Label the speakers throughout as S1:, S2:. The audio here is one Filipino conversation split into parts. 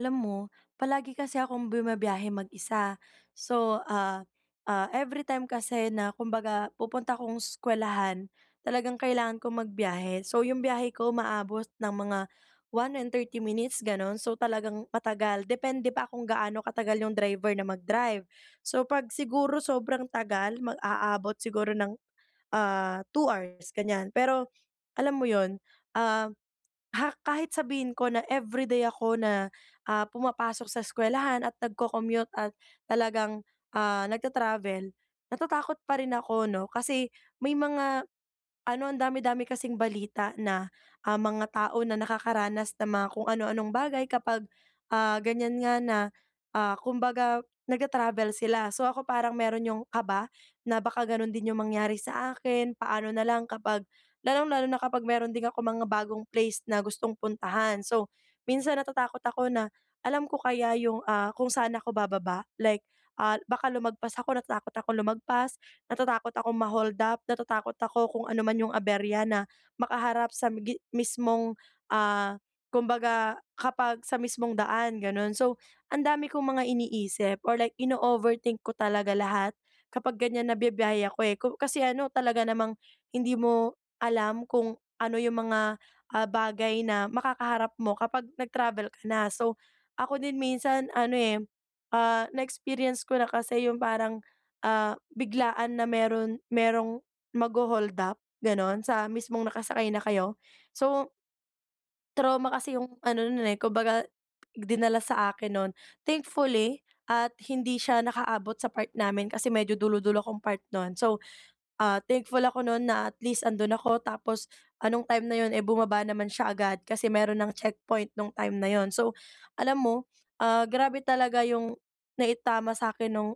S1: Alam mo, palagi kasi akong bumabiyahe mag-isa, So, ah, ah, everytime kasi na kumbaga pupunta akong eskuwelahan, talagang kailangan kong magbiyahe. So 'yong biyahe ko umaabot ng mga 1 and 30 minutes, gano'n, so talagang matagal, depende pa kung gaano katagal 'yong driver na mag-drive. So 'pag siguro sobrang tagal mag aabot siguro ng, ah, 2 hours, ganyan. Pero alam mo 'yon, ah, ha kahit sabihin ko na everyday ako na, ah, pumapasok sa eskuwelahan, at nagco-commute at talagang, ah, nagta-travel, Natatakot pa rin ako 'no. Kasi may mga ano, ang dami-dami kasing balita na, ah, mga tao na nakakaranas ng mga kung ano-anong bagay kapag, ah, ganyan nga na, ah, kumbaga nagtra-travel sila. So ako, parang meron 'yong kaba na baka gano'n din 'yong mangyari sa akin. Paano na lang kapag, lalong-lalo na kapag meron din akong mga bagong place na gustong puntahan. So, minsan natatakot ako na, alam ko kaya 'yong, ah, kung saan ako bababa? Like, ah, baka lumagpas ako, natatakot ako lumagpas, natatakot akong ma-hold up, natatakot ako kung ano man yung aberya na makaharap sa gi mismong, ah, kumbaga, kapag sa mismong daan ganun. So, ang dami kong mga iniisip, or like, inooverthink ko talaga lahat kapag ganyan na bibiyahe ako eh. Kasi ano, talaga namang hindi mo alam kung ano yung mga, ah, bagay na makakaharap mo kapag nag-travel ka na. So, ako din minsan, ano eh, ah, na experience ko na kasi yung parang, ah, biglaan na meron merong magho-hold up ganun sa mismong nakasakay na kayo. So trauma kasi yung ano no'n, eh kung baga, dinala sa akin no'n. Thankfully, at hindi siya nakaabot sa part namin, kasi medyo dulo-dulo akong part no'n so, ah, thankful ako no'n na at least andun ako tapos anong time na 'yon eh, bumaba naman siya agad kasi meron nang checkpoint no'ng time na 'yon. So, alam mo, ah, grabe talaga yung naitama sa akin nong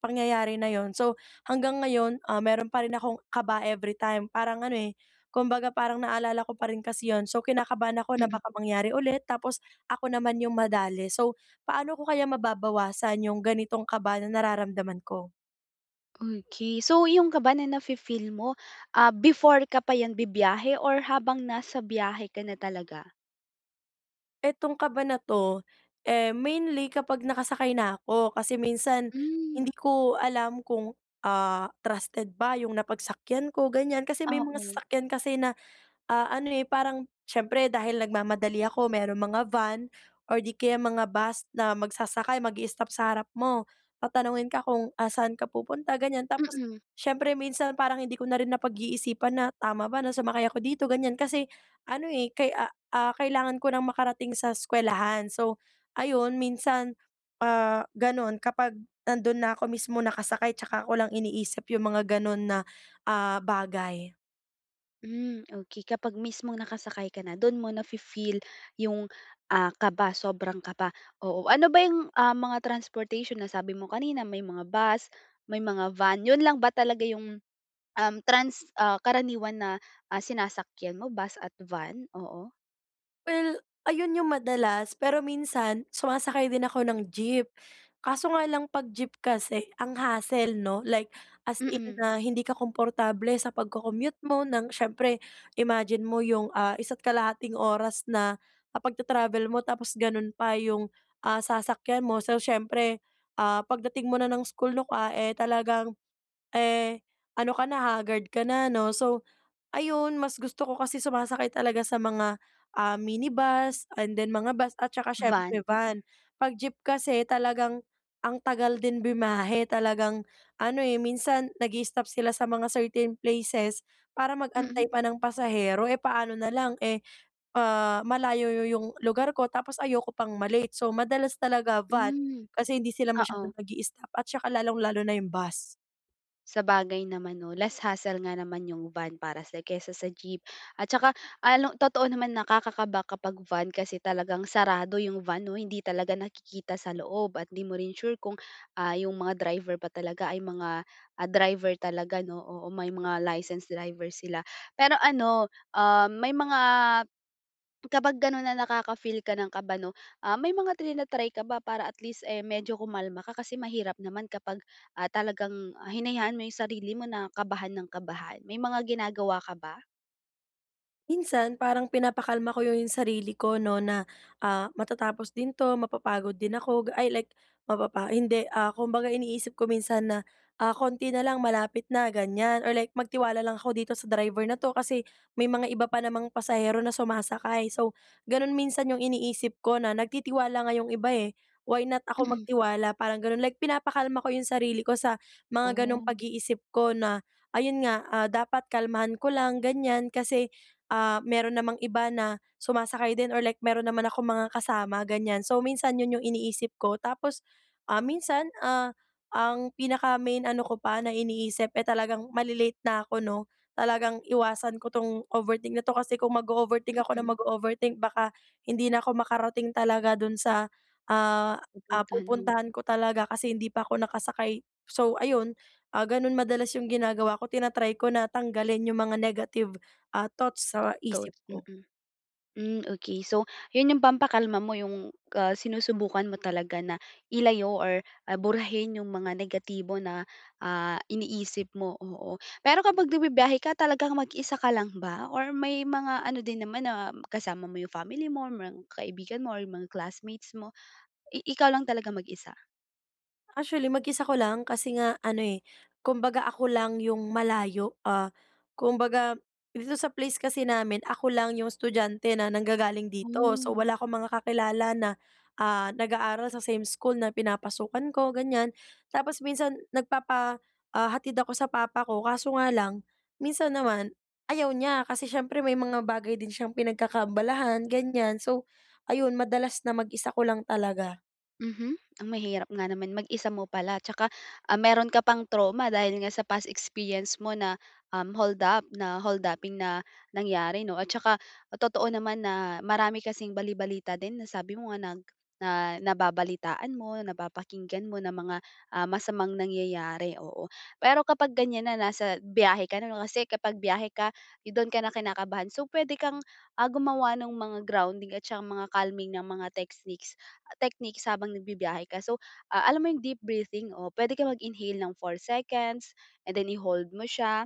S1: pangyayari na 'yon. So hanggang ngayon, ah, meron pa rin akong kaba every time, parang ano eh, kumbaga parang naalala ko pa rin kasi 'yon, so kinakabahan ako na baka mangyari ulit. Tapos ako naman 'yong madale. So, paano ko kaya mababawasan 'yong ganitong kaba na nararamdaman ko?
S2: Okey. So, yung kaba na nafi-feel mo, ah, before ka pa yan bibiyahe or habang nasa biyahe ka na talaga?
S1: Etong kaba na 'to, eh, mainly kapag nakasakay na ako. Kasi minsan
S2: Hmm.
S1: hindi ko alam kung, ah, trusted ba yung napagsakyan ko ganyan. Kasi may mga
S2: Oo.
S1: sasakyan kasi na, ah, ano, eh, parang siyempre dahil nagmamadali ako merong mga van or di kaya mga bus na magsasakay magi-stop sa harap mo. Tatanungin ka kung, ah, saan ka pupunta ganyan tapos
S2: Mm.
S1: siyempre minsan parang hindi ko na rin napag-iisipan na tama ba na sumakay ako dito ganyan. Kasi ano, eh, kay ah, kailangan ko ng makarating sa eskuwelahan. So, ayun minsan, ah, ganun kapag nandun na ako mismo nakasakay tsaka ko lang iniisip yung mga ganun na, ah, bagay.
S2: Hmm. Okey kapag mismong nakasakay ka na doon mo nafi-feel 'yong, ah, kaba, sobrang kaba. Oo, ano ba 'yong, ah, mga transportation na sabi mo kanina may mga bus, may mga van, 'yon lang ba talaga 'yong, uhm, trans ah, karaniwan na, ah, sinasakyan mo bus at van? Oo.
S1: Well, ayun 'yung madalas, pero minsan sumasakay din ako ng jeep. Kaso nga lang, 'pag jeep kasi, ang hassle 'no. Like, as in
S2: Mm.
S1: na hindi ka komportable sa pagco-commute mo ng siyempre imagine mo 'yong, ah, isa't kalahating oras na, ah, pagtra-travel mo tapos gano'n pa 'yong, ah, sasakyan mo. So siyempre, ah, pagdating mo na ng school nukwa eh, talagang eh, ano ka na, haggard ka na 'no. So ayun, mas gusto ko kasi sumasakay talaga sa mga, ah, minibus and then mga bus at saka
S2: Van.
S1: siyempre van. 'Pag jeep kasi talagang ang tagal din bumiyahe. Talagang ano eh, minsan nagii-stop sila sa mga certain places para
S2: Mm.
S1: mag-antay pa ng pasahero. Eh, paano na lang eh, ah, malayo yo 'yong lugar ko tapos ayoko pang ma-late. So, madalas talaga van
S2: Hmm.
S1: kasi hindi sila
S2: Oo.
S1: masyadong nagii-stop at saka, lalong-lalo na 'yong bus.
S2: Sabagay naman 'no. Less hassle nga naman 'yung van para sa'yo kaysa sa jeep. At saka ano, totoo naman, nakakakaba kapag van kasi talagang sarado 'yung van 'no. Hindi talaga nakikita sa loob at 'di mo rin sure kung, ah, 'yung mga driver ba talaga ay mga, ah, driver talaga 'no. Oo, may mga licensed driver sila pero ano, ah, may mga kapag gano'n na nakaka-feel ka ng kaba 'no, ah, may mga tina-try ka ba para at least eh, medyo kumalma ka? Kasi mahirap naman kapag, ah, talagang, ah, hinayaan mo 'yung sarili mo na kabahan nang kabahan. May mga ginagawa ka ba?
S1: Minsan parang pinapakalma ko yo yung sarili ko, 'no, na, ah, matatapos din 'to, mapapagod din ako ga ay like, mapapa hindi, ah, kumbaga iniisip ko minsan na, "Ah, konti na lang malapit na." Ganyan or like, "Magtiwala lang ako dito sa driver na 'to kasi may mga iba pa namang pasahero na sumasakay." So, ganun minsan yung iniisip ko na nagtitiwala nga 'yong iba, eh, why not ako
S2: Mm.
S1: magtiwala parang ganun. Like pinapakalma ko yung sarili ko sa mga ganong
S2: Oh.
S1: pag-iisip ko na, ayun nga, ah, dapat kalmahan ko lang ganyan. Kasi, ah, mayroon namang iba na sumasakay din or like meron naman akong mga kasama ganyan. So, minsan yun yung iniisip ko. Tapos, ah, minsan, ah, ang pinaka main ano ko pa na iniisip, eh, talagang malalate na ako, 'no? Talagang iwasan ko tong overthink na to, kasi kung mag-o-overthink ako na
S2: Mm.
S1: mag-o-overthink baka hindi na ko makarating talaga dun sa, ah ah,
S2: Pupuntahan mo.
S1: pupuntahan ko talaga. Kasi hindi pa ako nakasakay, so, ayun, ah, ganun madalas yung ginagawa ko tina-try ko na tanggalin yung mga negative, ah, thoughts sa
S2: Thought,
S1: isip ko.
S2: mm. Hmm, okey. So, yun yung pampakalma mo yung, ah, sinusubukan mo talaga na ilayo or, ah, burahin yung mga negatibo na, ah, iniisip mo, oo. Pero kapag nagbibiyahe ka talagang mag-isa ka lang ba or may mga ano din naman na kasama mo yung family mo, merong mga kaibigan mo, or mga classmates mo? I ikaw lang talagang mag-isa?
S1: Actually mag-isa ko lang, kasi nga ano eh, kumbaga ako lang 'yong malayo, ah, kumbaga dito sa place kasi namin ako lang 'yong estudyante na nanggagaling dito. So
S2: Hmm.
S1: wala akong mga kakilala na, ah, nag-aaral sa same school na pinapasukan ko, ganyan. Tapos minsan, nagpapahatid ako sa papa ko kaso nga lang minsan naman ayaw niya kasi siyempre may mga bagay din siyang pinagkakaabalahan ganyan. So ayun, madalas na mag-isa ko lang talaga.
S2: Mhm. Ah, mahirap nga naman, mag-isa mo pala tsaka, ah, meron ka pang trauma dahil nga sa past experience mo, na, um, hold up, na hold-upping na nangyari 'no. At saka totoo naman, na marami kasing bali-balita din na sabi mo nga nag nababalitaan mo, napapakinggan mo, ng mga, ah, masamang nangyayari, oo. Pero kapag ganyan na nasa biyahe ka na 'no, kasi kapag biyahe ka doon ka na kinakabahan. So puwede kang, ah, gumawa nung mga grounding at saka mga calming na mga techsniques techniques habang nagbibiyahe ka. So ah, alam mo 'yong deep breathing o puwede kang mag-inhale ng 4 seconds and then i-hold mo siya,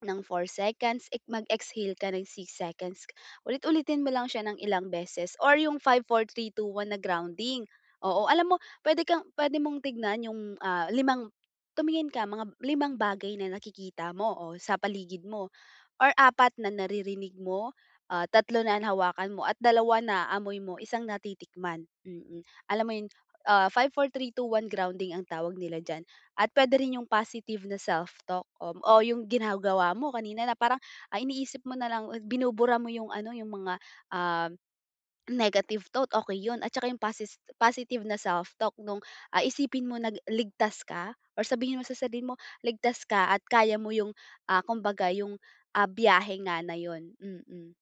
S2: ng 4 seconds. Mag-exhale ka ng 6 seconds, ulit-ulitin mo lang siya ng ilang beses or 'yong five, four, three, two, one na grounding, oo. Alam mo, puwede kang puwede mong tignan 'yong ah, limang tumingin ka, mga limang bagay na nakikita mo o sa paligid mo or apat na naririnig mo, ah, tatlo na nahawakan mo at dalawa na naamoy mo, isang natitikman. Mm. Alam mo 'yon, ah, five, four, three, two, one grounding ang tawag nila diyan at puwede rin 'yong positive na self-talk o 'yong ginagawa mo kanina na parang, ah, iniisip mo na lang o binubura mo 'yong ano, 'yong mga, uhm, negative thought, okey 'yun. At saka 'yung posi positive na self-talk nung, ah, isipin mo na ligtas ka or sabihin mo sa sarili mo ligtas ka at kaya mo 'yung, ah, kumbaga 'yung, ah, biyahe nga na 'yun. Mm.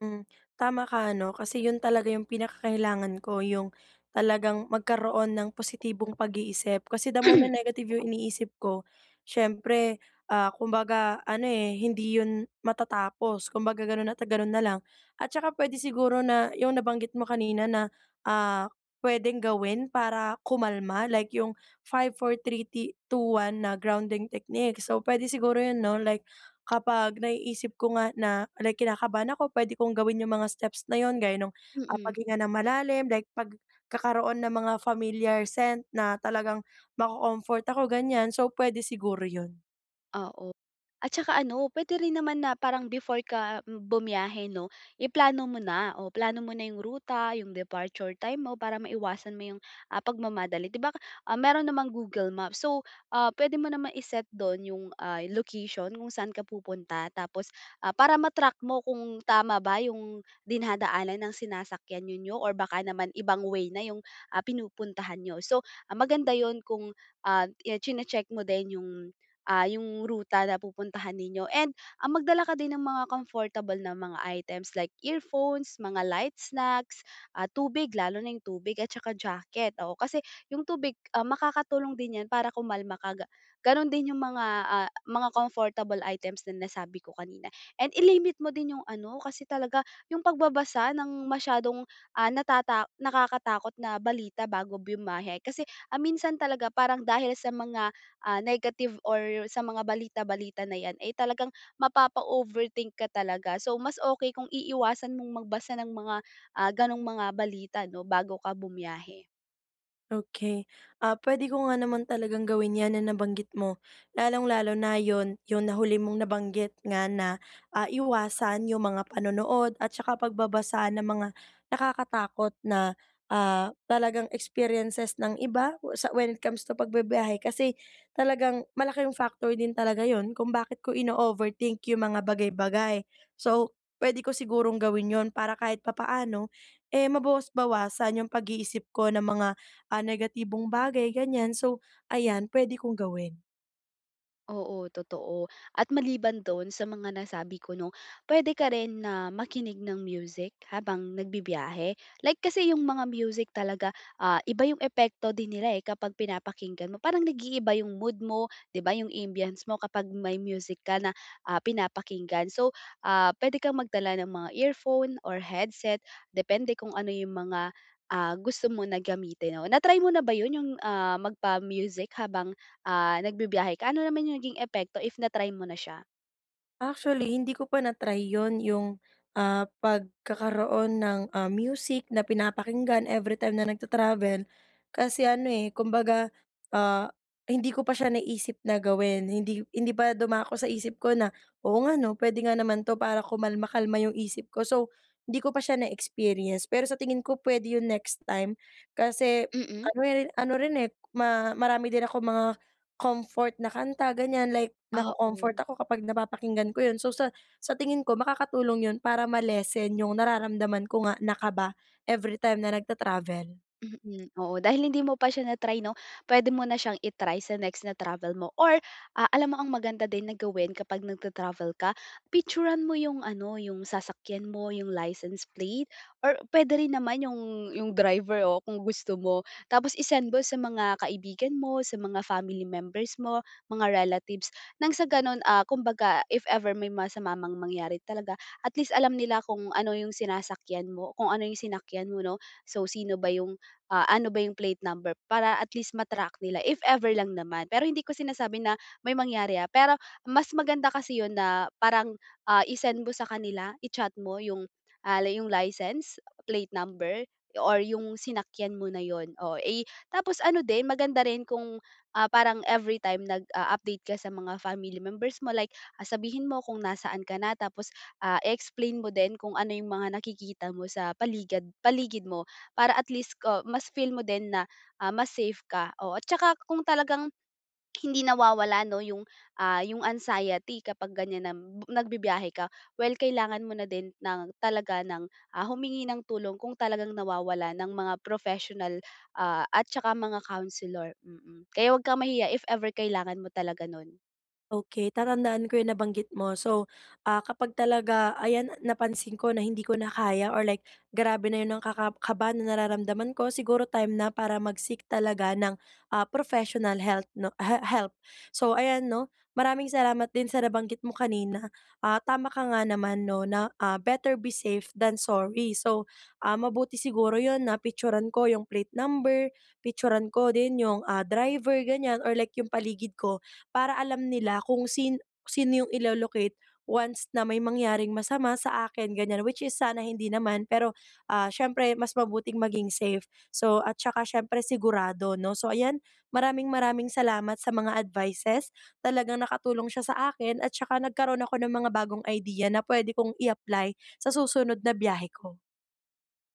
S1: Mm, tama ka ano kasi 'yon talaga 'yong pinakakailangan ko, 'yong talagang magkaroon ng positibong pag-iisip. Kasi the more na negative 'yong iniisip ko, siyempre, ah, kumbaga ano eh, hindi 'yon matatapos. Kumbaga gano'n at gano'n na lang at saka puwede siguro na 'yong nabanggit mo kanina na, ah, puwedeng gawin para kumalma, like yung, five, four, three, ti two, one, na grounding techniques. So, puwede siguro 'yun, 'no, like kapag naiisip ko nga na, like, kinakabahan ako puwede kong gawin 'yung mga steps na 'yun, gaya nung
S2: Mm.
S1: paghinga ng malalim, like pagkakaroon ng mga familiar scent na talagang maco-comfort ako ganyan. So, puwede siguro 'yun.
S2: Oo. At saka ano, puwede rin naman na parang before ka bumiyahe 'no, iplano mo na, o plano mo na 'yong ruta, 'yong departure time mo, para maiwasan mo 'yong, ah, pagmamadali. 'Di ba, ah, meron namang Google Maps so, puwede mo naman i-set do'n 'yong, ah, location kung saan ka pupunta tapos, ah, para ma-track mo kung tama ba 'yong dinadaanan ng sinasakyan ninyo or baka naman ibang way na yung, ah, pinupuntahan niyo. So, ah, maganda 'yun kung ah, chine-check mo din 'yung ah, 'yung ruta na pupuntahan ninyo. And ah, magdala ka din ng mga comfortable na mga items like earphones, mga light snacks, ah, tubig. Lalo na yung tubig at saka jacket. Oo, kasi 'yung tubig, makakatulong din 'yan para kumalma ka ga gano'n din 'yung mga, ah, mga comfortable items na nasabi ko kanina. And i-limit mo din yung ano, kasi talaga 'yung pagbabasa ng masyadong ah, natata nakakatakot na balita bago bumiyahe. Kasi minsan talaga, parang dahil sa mga ah, negative or sa mga balita balita na 'yan eh, talagang mapapa-overthink ka talaga. So, mas okey kung iiwasan mong magbasa ng mga ah, gano'ng mga balita 'no, bago ka bumiyahe.
S1: Okey. Ah, puwede ko nga naman talagang gawin 'yan na nabanggit mo. Lalong-lalo na 'yon 'yon na huli mong nabanggit nga na, ah, iwasan 'yong mga panonood at saka pagbabasa ng mga nakakatakot na, ah, talagang experiences ng iba? O sa when it comes to pagbibiyahe kasi talagang malaking factor din talaga yun kung bakit ko ino-overthink 'yung mga bagay-bagay. So, puwede ko sigurong gawin yun para kahit papaano, eh, mabawas-bawasan 'yung pag-iisip ko ng mga, ah, negatibong bagay ganyan. So, ayan puwede kong gawin.
S2: Oo, totoo. At maliban do'n sa mga nasabi ko 'no, puwede ka rin na makinig ng music habang nagbibiyahe, like kasi 'yung mga music talaga, ah, iba 'yung epekto din nila, eh, kapag pinapakinggan mo. Parang nag-iiba 'yung mood mo, 'di ba, yung ambience mo kapag may music ka na, ah, pinapakinggan. So, ah, puwede kang magdala ng mga earphone or headset depende kung ano 'yung mga, ah, gusto mo na gamitin, o na-try mo na ba yun 'yung, ah, magpa-music habang, ah, nagbibiyahe ka? Ano naman 'yung naging epekto if na-try mo na siya?
S1: Actually, hindi ko pa na try ‘yon yung, ah, pagkakaroon ng, ah, music na pinapakinggan everytime na nagta-travel. Kasi ano, eh, kumbaga, ah, hindi ko pa siya naisip na gawin. Hindi hindi pa dumako sa isip ko na, "Oo nga, ‘no? Pwede nga naman ‘to para kumalma kalma yung isip ko." So, hindi ko pa siya na-experience. Pero sa tingin ko, puwede yun next time kasi
S2: Mm.
S1: ano ri ano rin, eh, ma marami din akong mga comfort na kanta ganiyan, like
S2: Oo.
S1: nako-comfort ako kapag napapakinggan ko yun. So, sa sa tingin ko makakatulong yun para ma-lessen yung nararamdaman ko nga na kaba everytime na nagta-travel.
S2: Mm, oo. Dahil hindi mo pa siya na-try, ‘no? Pwede mo na siyang i-try sa next na travel mo, or, ah, alam mo ang maganda din na gawin kapag nag-tra-travel ka, picture-an mo ’yong ano, ’yong sasakyan mo, ’yong license plate, or puwede rin naman ’yong, ‘yong driver o kung gusto mo. Tapos i-send mo sa mga kaibigan mo, sa mga family members mo, mga relatives, nang sa gano’n, ah, kumbaga if ever may masama mang mangyari talaga, at least alam nila kung ano ’yong sinasakyan mo kung ano ’yong sinakyan mo, ‘no? So, sino ba ’yong ah, ano ba ’yong plate number para at least ma-track nila if ever lang naman. Pero hindi ko sinasabi na may mangyari, ah, pero mas maganda kasi ’yon na parang, ah, i-send mo sa kanila, i-chat mo ’yong, ah, li ’yong license plate number or ’yong sinakyan mo na ’yon, o i tapos ano din, maganda rin kung, ah, parang every time nag-u-update ka sa mga family members mo, like, ah, sabihin mo kung nasaan ka na, tapos, ah, explain mo din kung ano yung mga nakikita mo sa paligad paligid mo para at least ko mas feel mo din na, ah, mas safe ka. O at tsaka kung talagang hindi nawawala, ‘no, yung, ah, yung anxiety kapag ganyan na b nagbibiyahe ka, well kailangan mo na din ng talaga ng, ah, humingi ng tulong kung talagang nawawala ng mga professional, ah, at tsaka mga counselor, mm. Kaya huwag kang mahiya if ever kailangan mo talaga nun.
S1: Okey, tatandaan ko yong nabanggit mo. So, ah, kapag talaga ayan napansin ko na hindi ko na kaya or like grabe na ’yon ang ka ka kaba na nararamdaman ko, siguro time na para mag-seek talaga ng, ah, professional health 'no he help. So, ayan, ‘no, maraming salamat din sa nabanggit mo kanina. Ah, tama ka nga naman, ’no, na, ah, better be safe than sorry. So, ah, mabuti siguro ’yon na picture-an ko ’yong plate number, picture-an ko din yung, ah, driver ganyan, or like yung paligid ko para alam nila kung sin sino yung ilo-locate once na may mangyaring masama sa akin ganyan, which is sana hindi naman, pero, ah, siyempre mas mabuting maging safe. So, at tsaka syempre sigurado, ‘no? So ayan, maraming-maraming salamat sa mga advices. Talagang nakatulong siya sa akin at tsaka nagkaroon ako ng mga bagong idea na pwede kong i-apply sa susunod na biyahe ko.